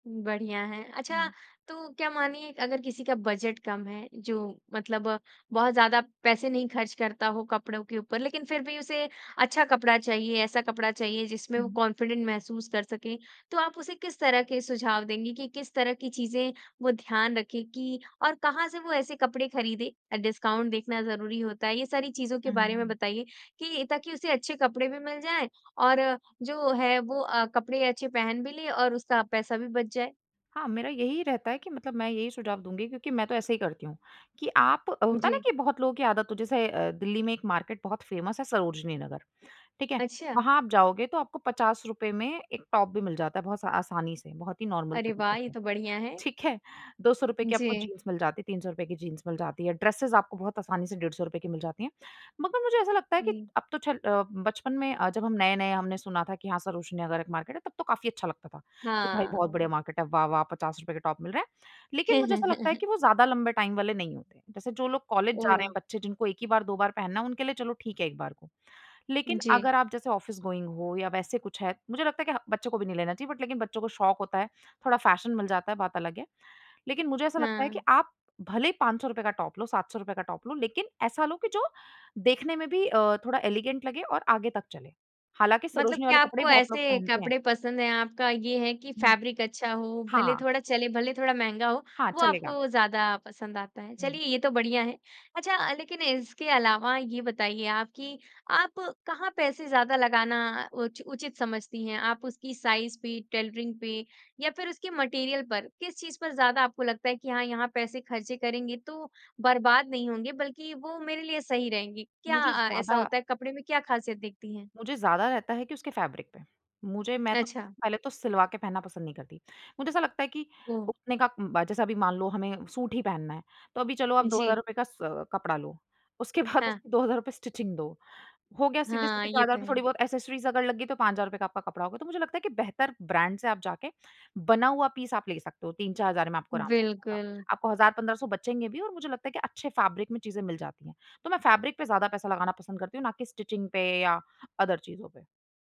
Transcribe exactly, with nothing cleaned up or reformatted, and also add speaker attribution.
Speaker 1: बढ़िया है। अच्छा,
Speaker 2: हुँ।
Speaker 1: तो क्या मानिए अगर किसी का बजट कम है जो मतलब बहुत ज़्यादा पैसे नहीं ख़र्च करता हो कपड़ों के ऊपर लेकिन फिर भी उसे अच्छा कपड़ा चाहिए, ऐसा कपड़ा चाहिए जिसमें वो
Speaker 2: हुँ।
Speaker 1: कॉन्फिडेंट महसूस कर सके, तो आप उसे किस तरह के सुझाव देंगी कि किस तरह की चीज़ें वो ध्यान रखे कि, और कहाँ से वो ऐसे कपड़े ख़रीदे? डिस्काउंट देखना ज़रूरी होता है, ये सारी चीज़ों के
Speaker 2: हुँ, हुँ,
Speaker 1: बारे में
Speaker 2: हुँ।
Speaker 1: बताइए, कि ताकि उसे अच्छे कपड़े भी मिल जाए और जो वो है वो अ, कपड़े अच्छे पहन भी ले और उसका पैसा भी बच जाए।
Speaker 2: हाँ, मेरा यही रहता है कि मतलब मैं यही सुझाव दूँगी क्योंकि मैं तो ऐसे ही करती हूँ, कि आप होता है ना
Speaker 1: जी।
Speaker 2: कि बहुत लोगों की आदत हो जैसे अ, दिल्ली में एक मार्केट बहुत फेमस है सरोजिनी नगर, ठीक है?
Speaker 1: अच्छा।
Speaker 2: वहाँ आप जाओगे तो आपको पचास रुपए में एक टॉप भी मिल जाता है बहुत सा आसानी से, बहुत ही नॉर्मल
Speaker 1: अरे
Speaker 2: तरीके
Speaker 1: वाह! ये
Speaker 2: से,
Speaker 1: तो बढ़िया है।
Speaker 2: ठीक है? दो सौ रुपए की आपको
Speaker 1: जी।
Speaker 2: जीन्स मिल जाती है, तीन सौ रुपए की जीन्स मिल जाती है। ड्रेसेज़ आपको बहुत आसानी से डेढ़ सौ रुपए की मिल जाती हैं। मगर मुझे ऐसा लगता है कि
Speaker 1: हुँ।
Speaker 2: अब तो चल अ, बचपन में अ, जब हम नए-नए हमने सुना था कि हाँ सरोजिनी नगर एक मार्केट है, तब तो काफ़ी अच्छा लगता था, कि भई बहुत बढ़िया
Speaker 1: हाँ।
Speaker 2: मार्केट है। वाह-वाह पचास रुपए के टॉप मिल रहे हैं। लेकिन मुझे ऐसा लगता है कि वो ज़्यादा लंबे टाइम वाले नहीं होते। जैसे जो लोग कॉलेज जा रहे
Speaker 1: ओह!
Speaker 2: हैं बच्चे जिनको एक ही बार दो बार पहनना है, उनके लिए चलो ठीक है एक बार को। लेकिन
Speaker 1: जी।
Speaker 2: अगर आप जैसे ऑफिस-गोइंग हो, या वैसे कुछ है, मुझे लगता है कि बच्चों को भी नहीं लेना चाहिए बट लेकिन बच्चों को शौक़ होता है, थोड़ा फ़ैशन मिल जाता है, बात अलग है। लेकिन मुझे ऐसा लगता है कि
Speaker 1: हाँ।
Speaker 2: आप भले ही पाँच सौ रुपए का टॉप लो, सात सौ रुपए का टॉप लो, लेकिन ऐसा लो कि जो देखने में भी अ, थोड़ा एलिगेंट लगे और आगे तक चले। हालाँकि
Speaker 1: मतलब
Speaker 2: सरोजिनी
Speaker 1: क्या
Speaker 2: वाले कपड़े
Speaker 1: आपको
Speaker 2: भी बहुत लोग
Speaker 1: ऐसे
Speaker 2: पहनते हैं।
Speaker 1: कपड़े पसंद हैं, आपका ये है कि
Speaker 2: हुँ।
Speaker 1: फैब्रिक अच्छा हो, भले
Speaker 2: हाँ।
Speaker 1: थोड़ा चले, भले थोड़ा महँगा हो,
Speaker 2: हाँ
Speaker 1: वो
Speaker 2: चलेगा।
Speaker 1: आपको ज़्यादा पसंद आता है।
Speaker 2: हुँ।
Speaker 1: चलिए ये तो बढ़िया है। अच्छा, लेकिन इसके अलावा ये बताइए आप कि, आप कहाँ पैसे ज़्यादा लगाना उच उचित समझती हैं? आप उसकी साइज पे, टेलरिंग पे या फिर उसके मटेरियल पर, किस चीज़ पर ज़्यादा आपको लगता है कि हाँ यहाँ पैसे खर्चे करेंगे तो बर्बाद नहीं होंगे बल्कि वो मेरे लिए सही रहेंगे, क्या
Speaker 2: मुझे
Speaker 1: अ, ऐसा
Speaker 2: ज़्यादा
Speaker 1: होता है कपड़े में क्या ख़ासियत देखती हैं?
Speaker 2: मुझे ज़्यादा रहता है कि उसके फैब्रिक पे। मुझे मैं तो,
Speaker 1: अच्छा।
Speaker 2: पहले तो सिलवा के पहनना पसंद नहीं करती। मुझे ऐसा लगता है कि,
Speaker 1: ओह!
Speaker 2: उतने का ब जैसे अभी मान लो हमें सूट ही पहनना है, तो अभी चलो आप दो हज़ार
Speaker 1: जी।
Speaker 2: रुपए का सा कपड़ा लो। उसके बाद
Speaker 1: हाँ।
Speaker 2: उसकी दो हज़ार रुपए स्टिचिंग दो हो गया
Speaker 1: हाँ,
Speaker 2: सीधे-सीधे चार
Speaker 1: ये
Speaker 2: हज़ार
Speaker 1: तो
Speaker 2: रुपए,
Speaker 1: है।
Speaker 2: थोड़ी-बहुत एक्सेसरीज़ अगर लग गईं तो पाँच हज़ार रुपए का आपका कपड़ा होगा। तो मुझे लगता है कि बेहतर ब्रांड से आप जाके, बना हुआ पीस आप ले सकते हो, तीन चार हज़ार में आपको आराम से आ जाएगा।
Speaker 1: बिल्कुल।
Speaker 2: आपको हज़ार पंद्रह सौ बचेंगे भी और मुझे लगता है कि अच्छे फैब्रिक में चीज़ें मिल जाती हैं। तो मैं फैब्रिक पे ज़्यादा पैसा लगाना पसंद करती हूँ ना कि स्टिचिंग पे या अदर चीज़ों पे।